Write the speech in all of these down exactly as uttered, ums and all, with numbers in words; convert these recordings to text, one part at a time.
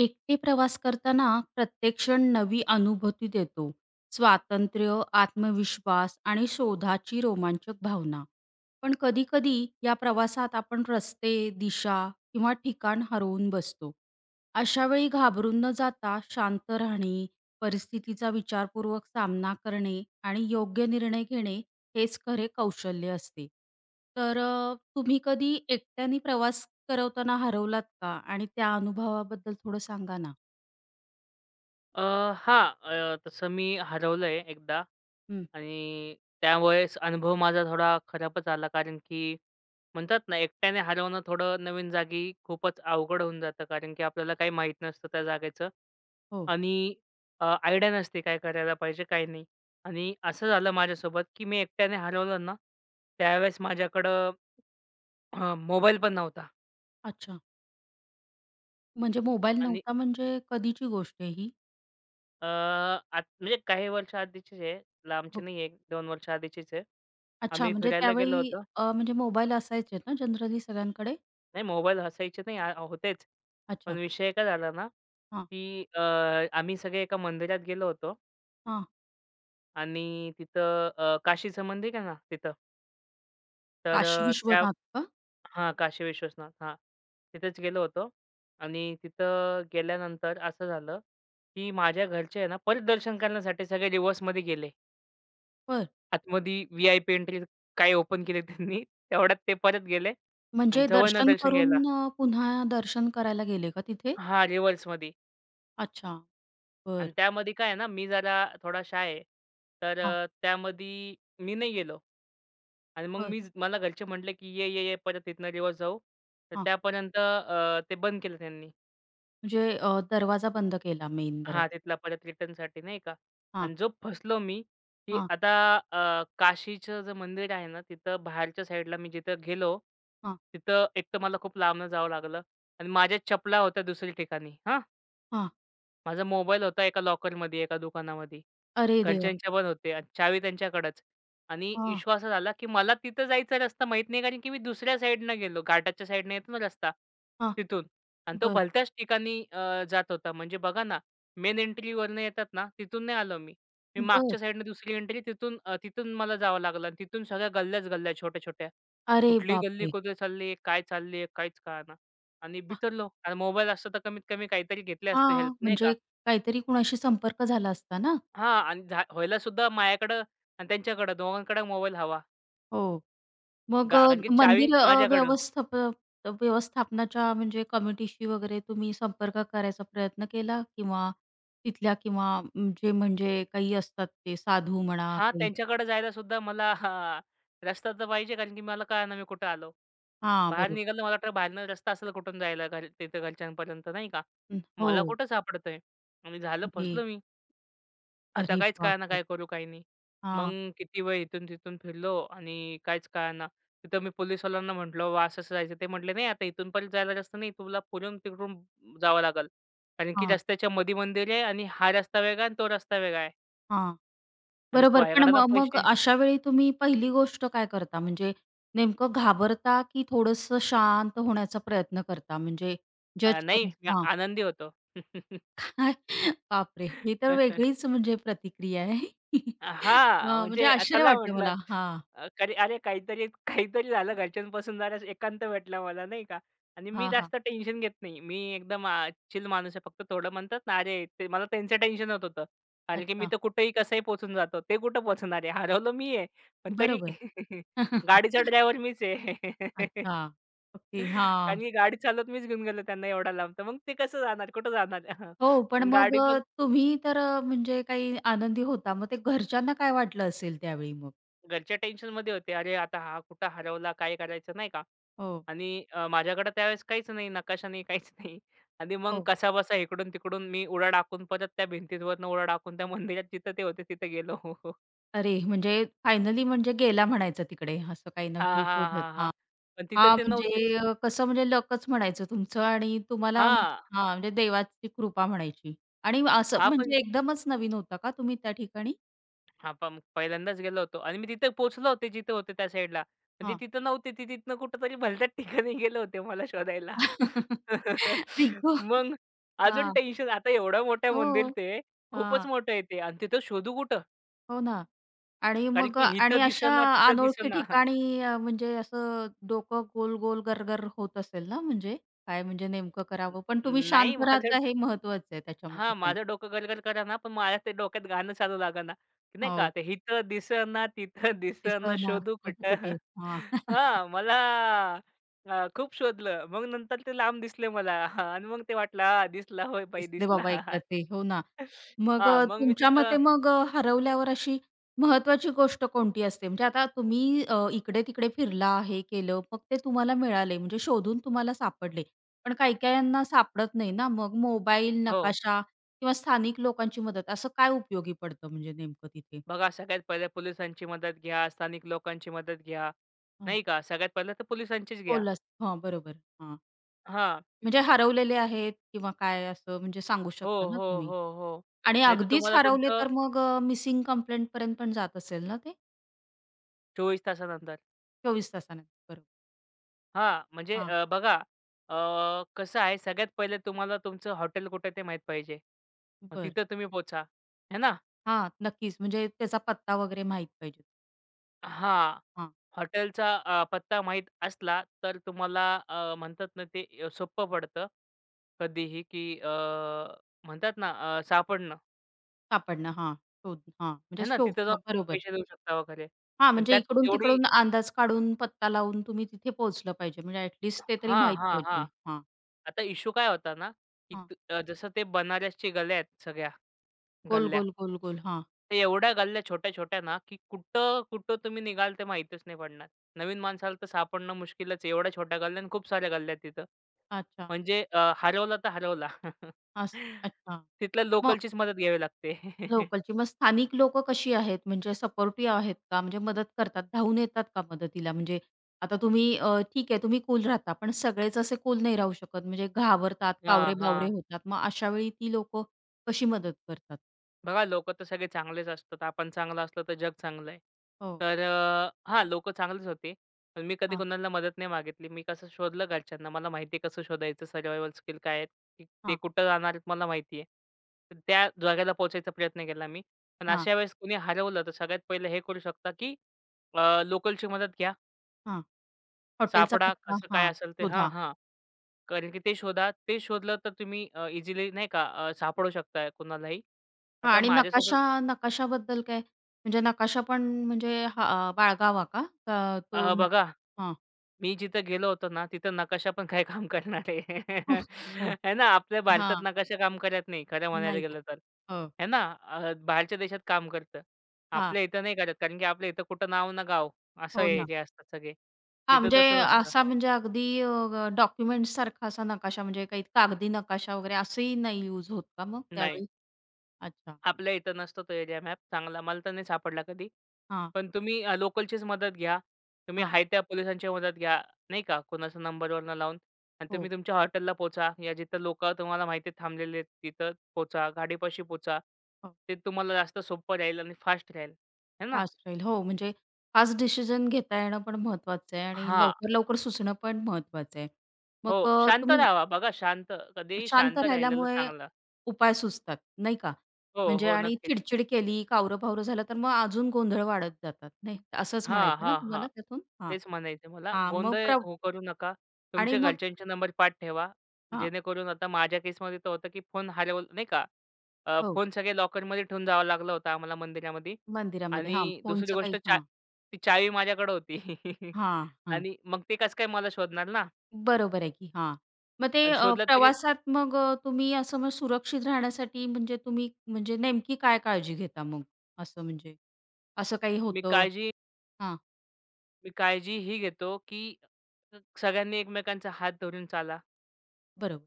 एकटे प्रवास करताना प्रत्येक क्षण नवी अनुभूती देतो, स्वातंत्र्य, आत्मविश्वास आणि शोधाची रोमांचक भावना. पण कधी-कधी या प्रवासात आपण रस्ते, दिशा किंवा ठिकाण हरवून बसतो. अशावेळी घाबरून न जाता शांत राहणे, परिस्थितीचा विचारपूर्वक सामना करणे, आणि योग्य निर्णय घेणे हेच खरे कौशल्य असते. तर अ, तुम्ही कधी एकट्याने प्रवास करवताना हरवलात का? आणि त्या अनुभवाबद्दल थोडं सांगा ना? अ, हां, अ, तसं मी हरवलं आहे एकदा हं. आणि त्यावेळेस अनुभव माझा थोडा खराबच आला. कारण की म्हणतात ना, एकट्याने हरवणं थोडं नवीन जागी खूपच अवघड होऊन जातं. कारण की आपल्याला काही माहीत नसतं त्या जागेचं. हो. आणि अ, आयडिया नसते काय करायला पाहिजे काय नाही? आणि असं झालं माझ्यासोबत की मी एकट्याने हरवलं ना, त्यावेळेस माझ्याकडं हां, मोबाईल पण नव्हता. अच्छा. म्हणजे मोबाईल आणि नव्हता म्हणजे कधीची गोष्ट आहे ही? अ, आत म्हणजे काही वर्ष आधीचीच आहे लांबची ब नाही आहे, एक दोन वर्ष आधीचीच आहे अच्छा आम्ही म्हणजे फिरायला गेलो त्यावेळी होतो. अ, म्हणजे मोबाईल असायचे ना जनरली सगळ्यांकडे? नाही मोबाईल असायचे नाही, अ, होतेच अच्छा. पण विषय काय झाला ना, हां. की अ, आम्ही सगळे एका मंदिरात गेलो होतो. हां. आणि तिथं अ, काशीच मंदिर आहे ना तिथं, तर काशी त्या विश्वनाथ का? हां काशी विश्वसनाथ हां तिथेच गेलो होतो आणि तिथं गेल्यानंतर असं झालं, की माझ्या घरचे आहे ना परात दर्शन करण्यासाठी सगळे रिवर्समध्ये गेले. बरं. आतमध्ये वी-आय-पी एन्ट्री काय ओपन केले त्यांनी, तेवढ्यात ते परत गेले म्हणजे जवळनं दर्शन दर्शन घ्यायला. करून अ, पुन्हा दर्शन करायला गेले का तिथे? हां रिवर्समध्ये. अच्छा, आणि बरं. त्यामध्ये काय आहे ना मी जरा थोडा शाय आहे. तर हां. अ, त्यामध्ये मी नाही गेलो आणि मग बरं. मी मला घरचे म्हटले की ये-ये-ये परत इथनं रिवर्स जाऊ, तर हां. त्यापर्यंत अ, ते बंद केलं त्यांनी. म्हणजे अ, दरवाजा बंद केला मेन दरवा हां तिथला परत रिटर्नसाठी नाही का हां. आणि जो फसलो मी की हां. आता अ, काशीचं जे मंदिर आहे ना, तिथं बाहेरच्या साईडला मी जिथं गेलो, हां. तिथं एक तर मला खूप लांबन जावं लागलं आणि माझ्या चपला होत्या दुसऱ्या ठिकाणी. हां हां. माझा मोबाईल होता एका लॉकरमध्ये एका दुकानामध्ये. अरे देवा! घरच्यांच्या पण होते आणि चावी त्यांच्याकडच. आणि हां. इश्यू असा झाला की मला तिथं जायचा रस्ता माहीत नाही, कारण की मी दुसऱ्या साईडनं गेलो. घाटाच्या साईडनं येतो ना रस्ता हां, तिथून आणि तो बरं. भलत्याच ठिकाणी अ, जात होता. म्हणजे बघा ना मेन एंट्रीवरनं येतात ना तिथून नाही आलो मी. मी बरं. मागच्या साईडनं दुसरी एंट्री तिथून अ, तिथून मला जावं लागलं. तिथून सगळ्या गल्ल्याच गल्ल्या छोट्या-छोट्या. अरे कुठली गल्ली बापरे! कुठे चालली आहे, काय चालली आहे? काहीच कळना आणि आह. बिथरलो. मोबाईल असता तर कमीत कमी काहीतरी घेतली असते हेल्प. हां, नाही का? म्हणजे काहीतरी कोणाशी संपर्क झाला असता ना? हां. आणि झा व्हायलासुद्धा माझ्याकडं आणि त्यांच्याकडं दोघांकडं मोबाईल हवा. हो, मग गा अ, कारण की चावी मंदिर माझ्याकडं. व्यवस्थापन व्यवस्थापनाच्या म्हणजे कमिटीशी वगैरे तुम्ही संपर्क करायचा प्रयत्न केला किंवा तिथल्या किंवा जे म्हणजे काही असतात ते साधू म्हणा हां, काही? त्यांच्याकडे जायलासुद्धा मला हां रस्ता तर पाहिजे. कारण की मला कळंना मी कुठं आलो? हां, बाहेर बरोबर. निघालं मला तर बाहेरनं रस्ता असेल कुठून जायला घर तिथं घरच्यांपर्यंत. नाही का? हं, मला हो. कुठं सापडतंय आणि झालं घे. फसलो मी. आता अरे काहीच बाप कळना रे! काय करू काय नाही. मग हां. किती वेळ इथून-तिथून फिरलो आणि काहीच कळना. तिथं मी पोलिसवाल्यांना म्हटलं, "बाबा असं असं जायचंय." ते म्हटले, "नाही! आता इथूनपण जायला रस्ता नाही. तुला पुढून तिकडून जावं लागल. कारण की हां. रस्त्याच्यामधी मंदिर आहे आणि हा रस्ता वेगळा आहे आणि तो रस्ता वेगळा आहे." हां, आणि बरोबर. पण पायगडा ना मग मग पैसे अशावेळी तुम्ही पहिली गोष्ट काय करता? म्हणजे नेमकं घाबरता की थोडंसं शांत होण्याचा प्रयत्न करता, म्हणजे अ, जज नाही मी करायचं हां. आनंदी होतो. बापरे! ही तर वेगळीच म्हणजे प्रतिक्रिया आहे, अ, हां, वाह! म्हणजे म्हणजे अ आश्चर्य चला वाटतं म्हटलं, मला. हां. अ करी अरे काहीतरी, काहीतरी झालं घरच्यांपासून जरा एकांत भेटला मला, नाही का? आणि मी हां, हां. जास्त टेन्शन घेत नाही, मी एकदम अ, चिल माणूस आहे. फक्त थोडं म्हणतात ना, अरे ते मला त्यांचं टेन्शन होत होतं, कारण की मी अच्छा. तर कुठेही कसंही पोहचून जातो. ते कुठं पोहोचणार आहे? हरवलो मी आहे, पण तरी बरोबर. गाडीचा ड्रायव्हर मीच आहे. अच्छा. ओके, कारण हां. की गाडी चालवत मीच घेऊन गेलो त्यांना एवढ्या लांब. तर मग ते कसं जाणार? कुठं जाणार? हं. हो, पण अन् मग गाडी अ, पण तुम्ही तर अ, म्हणजे काही आनंदी होता, मग ते घरच्यांना काय वाटलं असेल त्यावेळी मग? घरचे टेन्शनमध्ये होते, "अरे आता हा कुठे हरवला? काय करायचं?" नाही का? हो. आणि अ, माझ्याकडं त्यावेळेस काहीच नाही, नकाशा नाही, काहीच नाही. आणि मग हो. कसा बसा इकडून-तिकडून मी उडया टाकून, परत त्या भिंतीवरनं उडया टाकून त्या मंदिरात जिथं ते होते तिथं गेलो. अरे, म्हणजे फायनली म्हणजे गेला म्हणायचं तिकडे, असं काही ना हां, काही हां, शोधत हां, हां, हां, पण तिथं हां ते नव्हतेच. म्हणजे कसं म्हणजे लकचं म्हणायचं तुमचं आणि तुम्हाला हां. हां म्हणजे देवाची कृपा म्हणायची आणि असं हां पण म्हणजे एकदमच नवीन होता का तुम्ही त्या ठिकाणी? हां, पं पहिल्यांदाच गेलो होतो आणि मी तिथं पोहोचले होते जिथं होते त्या साईडला. म्हणजे हां. तिथं नव्हते ते तिथनं कुठेतरी भलत्या ठिकाणी गेले होते मला शोधायला. आई ग! मग अजून हां. टेन्शन. आता एवढ्या मोठ्या मंदिर हो, ते. खूपच हां. मोठं आहे ते आणि तिथं शोधू कुठं? हो ना आणि कारण मग की आणि इथं अशा दिसे ना तिथं दिसे अनोळखी ना. ठिकाणी अ, म्हणजे असं डोकं गोल-गोल गर-गर होत असेल ना? म्हणजे काय म्हणजे नेमकं न करावं. पण तुम्ही नाही शांत माझं राहता हे महत्त्वाचं आहे त्याच्यामध्ये हां पण. माझं डोकं गर-गर कर ना, पण माझ्या ते डोक्यात गाणं चालू लाग ना. नाही का हो. ते इथं दिसं ना तिथं दिसं ना दिसं ना, शोधू शोधू कुठं? कुठं? हां. हां, मला अ, खूप शोधलं. मग नंतर ते लांब दिसले मला हां आणि मग ते वाटलं हां दिसला होय बाई दिसले दिसला बाबा एकदा ते. हो ना मग हां, अ, मग मी तुमच्या तिथं मते मग अ, हरवल्यावर अशी महत्त्वाची गोष्ट कोणती असते? म्हणजे आता तुम्ही अ, इकडे-तिकडे फिरला, हे केलं मग ते तुम्हाला मिळाले. म्हणजे शोधून तुम्हाला सापडले. पण काही-काहीना सापडत नाही ना. मग मोबाईल, हो. नकाशा किंवा स्थानिक लोकांची मदत. असं काय उपयोगी पडतं म्हणजे नेमकं तिथे? बघा सगळ्यात पहिलं पोलिसांची मदत घ्या, स्थानिक लोकांची मदत घ्या, हां. नाही का? सगळ्यात पहिलं तर पोलिसांचीच घ्या. पोलस हो बरोबर हां. हां. म्हणजे हरवलेले आहेत किंवा काय असं म्हणजे सांगू हो, शकता ना हो, तुम्ही हो, हो, आणि नाहीतर अगदीच तुम्हाला हरवले तुमचं तर मग अ, मिसिंग कंप्लेंटपर्यंत पण जात असेल ना ते? चोवीस तासानंतर. चोवीस तासानंतर. brn हां, म्हणजे हां. अ, बघा. अ, कसं आहे, सगळ्यात पहिलं तुम्हाला तुमचं हॉटेल कुठे आहे ते माहीत पाहिजे. मग बरं. तिथं तुम्ही पोहचा, है ना? हां, नक्कीच, म्हणजे त्याचा पत्ता वगैरे माहित पाहिजे. हां, हां. हॉटेलचा अ, पत्ता माहीत असला तर तुम्हाला अ, म्हणतात ना ते अ, सोप्प पडतं कधीही, की अ, म्हणतात ना अ, सापडणं. सापडणं हां. शोध, हां म्हणजे है ना, शो तिथं जाऊन बरोबर. पैसे देऊ शकता वगैरे, हां, पण म्हणजे त्यात तेवढी इकडून-तिकडून अंदाज काढून पत्ता लावून तुम्ही तिथे पोहोचलं पाहिजे, म्हणजे ॲट लीस्ट [unintelligible] ते तरी हां, माहीत हां, हां. पाहिजे, हां. आता इश्शु काय होता ना की हां. त अ, जसं ते बनारसच्या गल्या आहेत, सगळ्या गोल, गल्ल्या, गोल, गोल, गोल. हां. तर एवढ्या गल्ल्या छोट्या-छोट्या ना, की कुठं-कुठं तुम्ही निघाल ते माहीतच नाही पडणार. नवीन माणसाला तर सापडणं मुश्किलच आहे, एवढ्या छोट्या गल्ल्या आणि खूप साऱ्या गल्ल्या आहेत तिथं. अच्छा. म्हणजे अ, हरवला तर हरवला. असं, अच्छा. तिथल्या मग लोकलचीच मदत घ्यावी लागते. लोकलची. मग स्थानिक लोकं कशी आहेत, म्हणजे सपोर्टिव्ह आहेत का? म्हणजे मदत करतात, धावून येतात का मदतीला? म्हणजे आता तुम्ही अ, ठीक आहे, तुम्ही कूल राहता, पण सगळेच असे कूल नाही राहू शकत. म्हणजे घाबरतात, हां, कावरे बावरे हां. होतात. मग अशावेळी ती लोकं कशी मदत करतात? बघा, लोकं तर सगळे चांगलेच असतात. आपण चांगलं असलं तर जग चांगलंय. हो. तर, अ हां, लोकं चांगलेच होते. पण मी कधी हां. कुणाला मदत नाही मागितली. मी कसं शोधलं घरच्यांना. मला माहिती आहे कसं शोधायचं, सर्वाइवल स्किल काय आहेत? ते हां. कुठं जाणार आहेत? मला माहिती आहे. तर, त्या जागेला पोहोचायचा प्रयत्न केला मी. पण हां. अशा वेळेस कुणी हरवलं तर सगळ्यात पहिलं हे करू शकता की, अ, लोकलची मदत घ्या. हां, हॉटेलचा सापडा, पत्ता. कसं काय हां, असेल ते हां, शोधा. हां. कारण की ते शोधा, ते शोधलं, तर तुम्ही अ, इझिली, नाही का? अ, सापडू शकताय कोणालाही. हां. आता आणि माझ्यासोबत नकाशा, नकाशाबद्दल काय? म्हणजे नकाशा पण म्हणजे हा अ, बाळगावा का? का तो अ, बघा, हां. मी जिथं गेलो होतो ना, तिथं नकाशा पण काही काम करणार आहे? अह! हो, है ना? आपल्या भारतात हां. नकाशा काम करत नाही, खरं म्हणायला नाहीये, गेलं तर. हो. है ना? अ, बाहेरच्या देशात काम करतं, हां. आपल्या इथं नाही करत. कारण की आपल्या इथं कुठं नाव, न गाव असं हो आहे, ना. जे असतात सगळे. हां, तिथं म्हणजे तसं नसतं. असा म्हणजे अगदी अ, डॉक्युमेंट्स सारखा असा नकाशा, म्हणजे काही कागदी नकाशा वगैरे असंही नाही युज होत का मग नाही. त्यावेळी? अच्छा. आपल्या इथं नसतं, तो एरिया मॅप चांगला. मला तर नाही सापडला कधी. हां. पण तुम्ही अ, लोकलचीच मदत घ्या. तुम्ही हां. हाय त्या पोलिसांची मदत घ्या, नाही का? कोणाचा नंबरवरनं लावून अन् तुम्ही हो. तुमच्या हॉटेलला पोहचा. या जिथं लोकं तुम्हाला माहिती थांबलेले आहेत, तिथं पोचा, गाडीपाशी पोचा. हां. ते तुम्हाला जास्त सोप्पं राहील आणि फास्ट राहील, आहे ना? फास्ट राहील, हो. म्हणजे फास्ट डिसिजन घेता येणं पण महत्त्वाचं आहे आणि हां. लवकर, लवकर सुचणं पण महत्त्वाचं आहे. हो, मग अ, शांत तुम्ही रहावा. बघा, शांत. कधीही शांत शांत राहिलेलं राहिल्यामुळे चांगलं. उपाय सुचतात, नाही का? हो, म्हणजे हो, आणि नक्कीच. चिड-चिड केली, कावरं-बावरं झालं, तर मग अजून गोंधळ वाढत जातात, नाही? असंच हां, म्हणायचं आहे ना हां, हां. तुम्हाला त्यातून? हां, तेच म्हणायचे मला. हां. मग गोंधळ प्र हो, करू नका. आणि तुमच्या मग घरच्यांचे नंबर पाठ ठेवा. हां. जेणेकरून आता माझ्या केसमध्ये तर होतं की फोन हरवलंय, नाही का? अ, हो. फोन सगळे लॉकरमध्ये ठेवून जावं लागलं होतं आम्हाला मंदिरामध्ये मंदिरामध्ये, हां. आणि दुसरी फोनचं काही गोष्ट चा हां. ती चावी माझ्याकडं होती. हां, हं. आणि मग ते कसं काय मला शोधणार ना? बरोबर आहे की. हां, मग ते आणि अ, शोधलं तरी प्रवासात, मग अ, तुम्ही असं, मग सुरक्षित राहण्यासाठी म्हणजे तुम्ही म्हणजे नेमकी काय काळजी घेता? मग असं, म्हणजे असं काही मी होतं? काळजी हां. मी काळजी ही घेतो, की स सगळ्यांनी एकमेकांचा हात धरून चाला. बरोबर.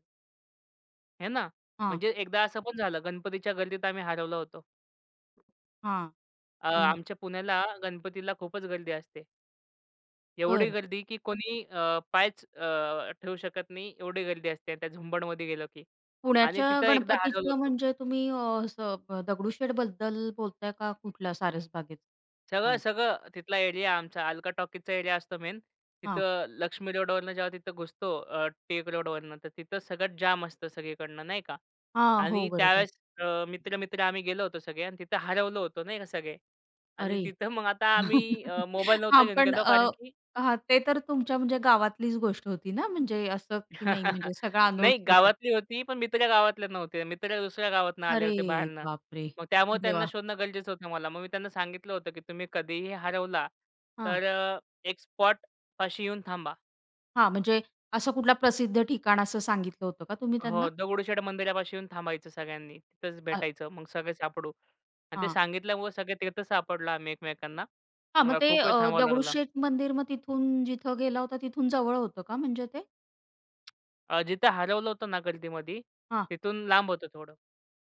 है ना? हां. म्हणजे एकदा असं पण झालं गणपतीच्या गर्दीत आम्ही हरवलं होतो. हां, अ, हं. आमच्या पुण्याला गणपतीला खूपच गर्दी असते. एवढी बरं. गर्दी की कोणी अ, पायच अ, ठेवू शकत नाही. एवढी गर्दी असते त्या झुंबडमध्ये गेलो की, आणि पुण्याच्या तिथं एकदा हरवलो गणपतीचं होतो. म्हणजे तुम्ही अ, असं दगडूशेठ बद्दल बोलताय का कुठल्या सारसबागेचा सांग सगळं-सगळं तिथला एरिया आमचा अल्का टॉकीजचा एरिया असतो मेन. हां. तिथं लक्ष्मी रोडवरनं जेव्हा तिथं घुसतो अ, टिळक रोडवरनं, तर तिथं सगळं जाम असतं सगळीकडनं, नाही का? हां, हो आणि बरोबर. त्यावेळेस अ, मित्र-मित्र, आम्ही गेलो होतो सगळे, आणि तिथं हरवलं होतो, नाही का, सगळे. आणि अरे! तिथं मग आता आम्ही अ, मोबाईल हां, नव्हतो घेऊन पण गेलो, अ, कारण की हां, ते तर तुमच्या म्हणजे गावातलीच गोष्ट होती ना? म्हणजे असं की नाही म्हणजे सगळं नाही. अनोळखी होतं? गावातली होती. पण मित्र गावातले नव्हते, मित्र दुसऱ्या गावातनं आले अरे होते बाहेरनं. बापरे! मग त्यामुळं त्यांना देवा! शोधणं गरजेचं होतं मला. मग मी त्यांना सांगितलं होतं, की तुम्ही कधीही हरवला हां. तर अ, एक स्पॉटपाशी येऊन थांबा. हां, म्हणजे असं कुठलं प्रसिद्ध ठिकाण असं सांगितलं होतं का तुम्ही हो, त्यांना? दगडूशेठ मंदिरापाशी येऊन थांबायचं सगळ्यांनी. तिथंच अर भेटायचं, मग सगळे सापडू. आणि ते हां. सांगितल्यामुळं सगळे तिथेच सापडलो आम्ही एकमेकांना. हां, मग अ, ते खूप वेळ अ, थांबावं लागलं. दगडूशेठ मंदिर मग तिथून जिथं गेला होता तिथून जवळ होतं का म्हणजे ते? अ, जिथं हरवलं होतो ना गर्दीमधी, हां. तिथून लांब होतं थोडं.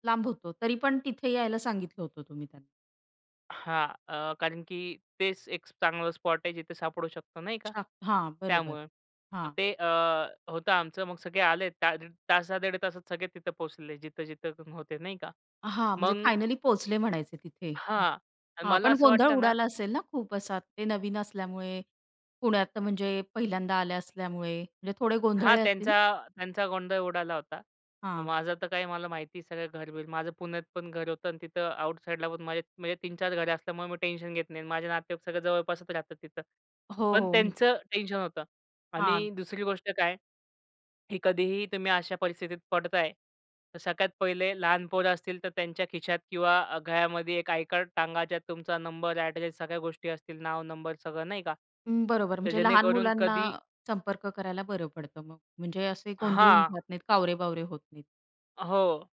लांब होतं, तरी पण तिथे यायला सांगितलं होतं तुम्ही त्यांना. हां, अ, कारण की तेच एक चांगलं स्पॉट आहे, जिथे सापडू शकतो, नाही का? अच्छा, हां. बरोबर. त्यामुळं. मग हां. ते अ, होतं आमचं. मग सगळे आले, तार तासा दीड तासात सगळे तिथं पोहोचले जिथं-जिथं कोण होतं, नाही का? हां, म्हणजे मग फायनली पोहोचले म्हणायचे तिथे. हां, अ, हां, मला पण असं गोंधळ वाटतं ना उडाला असेल ना, खूप असा ते नवीन असल्यामुळे. पुण्यात म्हणजे पहिल्यांदा आल्या असल्यामुळे म्हणजे थोडे हां, गोंधळले असतील? त्यांचा त्यांचा गोंधळ उडाला होता. हां. माझं तर काय, मला माहिती सगळं घर-बिर. माझं पुण्यात पण घर होतं अंन तिथं आउटसाइडला पण माझे म्हणजे तीन चार घरं असल्यामुळे, मग मी टेन्शन घेत नाही आणि माझे नातेवाईक सगळे जवळपासच राहतात तिथं. हो, पण हो. त्यांचं टेन्शन होतं. आणि हां. दुसरी गोष्ट काय की कधीही तुम्ही अशा परिस्थितीत पडताय तर सगळ्यात पहिले लहान पोरं असतील तर त्यांच्या खिशात किंवा अ, गळ्यामध्ये एक आय-कार्ड टांगा. ज्यात तुमचा नंबर, ॲड्रेस, सगळ्या गोष्टी असतील, नाव, नंबर सगळं, नाही का? हं, बरोबर, तर म्हणजे लहान जेणेकरून मुलांना कधी संपर्क करायला बरं पडतं मग. म्हणजे, असे गोंधळून हां. जात नाहीत, कावरे-बावरे होत नाहीत. हो.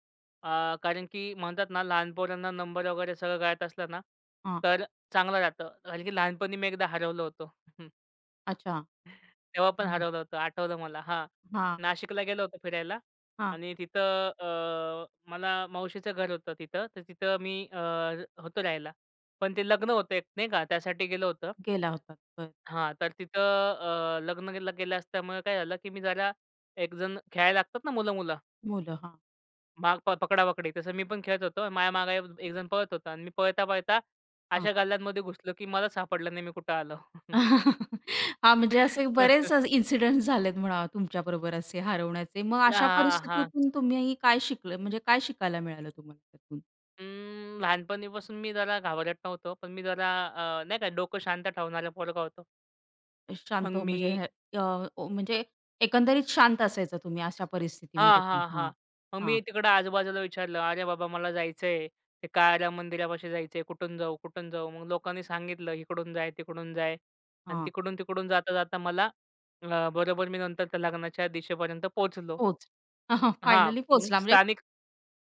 अ, कारण की म्हणतात ना लहान पोरांना नंबर वगैरे सगळं कळत असलं ना? हां. तर चांगलं राहतं कारण की लहानपणी मी एकदा हरवलं होतो. अच्छा. तेव्हा पण हं. हरवलं होतं आठवलं मला हां. हां. नाशिकला गेलो होतो फिरायला हां. आणि तिथं अ, मला मावशीचं घर होतं तिथं. तर तिथं मी अ, होतो राहायला. पण ते लग्न होतं एक नाही का त्यासाठी गेलं होतं. गेला होता, बरं. हां, तर तिथं अ, लग्न [unintelligible] गेलं असल्यामुळं काय झालं की मी जरा एकजण खेळायला लागतात ना मुलं, मुलं? मुलं. हां. माग प पकडापकडी तसं मी पण तसं खेळत होतो माझ्या मागे एक एकजण पळत होता आणि मी पळता-पळता अशा हां. गल्ल्यांमध्ये घुसलो की मलाच सापडलं नाही मी कुठं आलो? हां. म्हणजे असे बरेच अ, इनसिडेंट झालेत म्हणा तुमच्याबरोबर, असे हरवण्याचे मग ल अशा हां, हां. परिस्थितीतून तुम्ही काय शिकलं, म्हणजे काय शिकायला मिळालं तुम्हाला त्यातून? हम्म, लहानपणीपासून मी जरा घाबरट नव्हतो, पण मी जरा अ, नाही का डोकं शांत ठेवणारा पोरगा होतो. मग शांत हो, म्हणजे मी अ, ओ, म्हणजे एकंदरीत शांत असायचा तुम्ही अशा हां, परिस्थितीमध्ये पण. हां, हां. हां, मग हां. मी तिकडं आजूबाजूला विचारलं "अरे बाबा! मला जायचं आहे. ते काळाराम मंदिरापाशी जायचं आहे. कुठून जाऊ, कुठून जाऊ?" मग लोकांनी सांगितलं "इकडून जाय, तिकडून जाय" आणि हां. तिकडून-तिकडून जाता-जाता मला अ, बरोबर मी नंतर त्या लग्नाच्या दिशेपर्यंत पोहोचलो. पोच हां, फाईनली मग पोहोचला म्हणजे? स्थानिक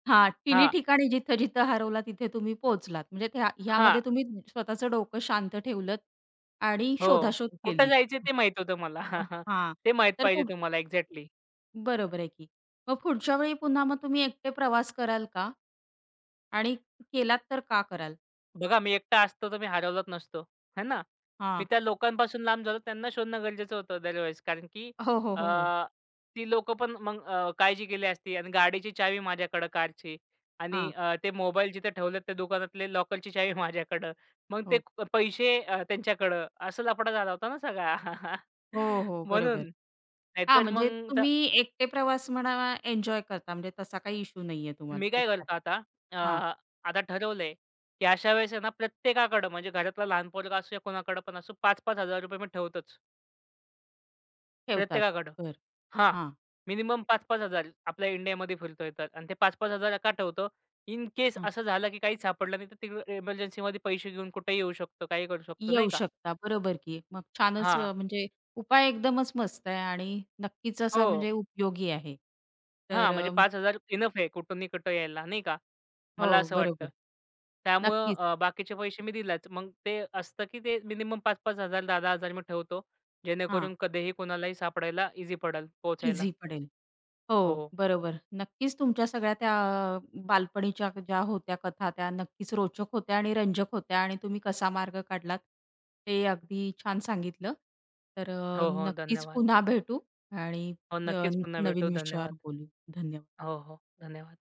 हां, तिन्ही हां. ठिकाणी जिथं-जिथं हरवला तिथे तुम्ही पोहोचलात. म्हणजे त्या ह्यामध्ये हां. तुम्ही स्वतःचं डोकं शांत ठेवलत आणि हो, शोधाशोध कुठे केलीत. जायचं ते माहीत होतं मला. हां ते माहीत तर पाहिजे पुढं? तुम्हाला एक्झॅक्टली. बरोबर आहे की. मग पुढच्या वेळी पुन्हा मग तुम्ही एकटे प्रवास कराल का? आणि केलात तर का कराल? बघा, मी एकटा असतो तर मी हरवला नसतो. है ना? मी हां. त्या लोकांपासून लांब झालो त्यांना शोधणं गरजेचं होतं अदरवाईज कारण की हो, हो, अ, हो, हो. ती लोकं पण मग अ, काळजी केली असती अन् गाडीची चावी माझ्याकडं कारची आणि हां. अ, ते मोबाईल जिथे ठेवलेत त्या दुकानातले लॉकरची चावी माझ्याकडं. मग ते हो. पैसे अ, त्यांच्याकडं असं लफडा झाला होता ना सगळा. हो, हो म्हणून बरोबर हां, नाहीतर म्हणजे मग त्या तुम्ही एकटे प्रवास म्हणा एन्जॉय करता म्हणजे तसा काही इश्यू नाहीये तुम्हाला मी काय करतो एकट्याला आता. अ, हां. आता ठरवलंय की अशा वेळेस ना प्रत्येकाकडे म्हणजे घरातला लहान पोरगा असो या कोणाकडे पण असो, पाच पाच हजार रुपये मी ठेवतोच. ठेवताच. प्रत्येकाकडं बरं, हां, हां. मिनिमम पाच पाच हजार. आपल्या इंडियामध्ये फिरतोय तर अन ते पाच पाच हजार का ठेवतो? इन केस हां. असं झालं की काहीच सापडलं नाही तर ते एमर्जन्सीमध्ये पैसे घेऊन कुठेही येऊ शकतो, काहीही करू शकतो नाही येऊ का? शकता बरोबर की. मग छानच हां. अ, म्हणजे उपाय एकदमच मस्त आहे आणि नक्कीच असा हो. म्हणजे उपयोगी आहे तर हां म्हणजे अ पाच हजार इनफ आहे. कुठूनी कुठं यायला, नाही का? मला हो, असं वाटतं. बरोबर, त्यामुळं नक्कीच. अ, बाकीचे पैसे मी दिलाच. मग ते असतं की ते मिनिमम पाच पाच हजार दहा दहा हजार मी ठेवतो. हां. जेणेकरून कधीही कोणालाही सापडायला ईझी पडेल पोहचायला. ईझी पडेल. हो, हो. बरोबर. नक्कीच तुमच्या सगळ्या त्या अ, बालपणीच्या ज्या होत्या कथा त्या नक्कीच रोचक होत्या आणि रंजक होत्या आणि तुम्ही कसा मार्ग काढलात ते अगदी छान सांगितलं. तर अ, हो, हो नक्कीच धन्यवाद. पुन्हा भेटू आणि हो, नक्कीच न पुन्हा भेटू. नवीन विषयावर धन्यवाद. बोलू. धन्यवाद. हो, हो, धन्यवाद.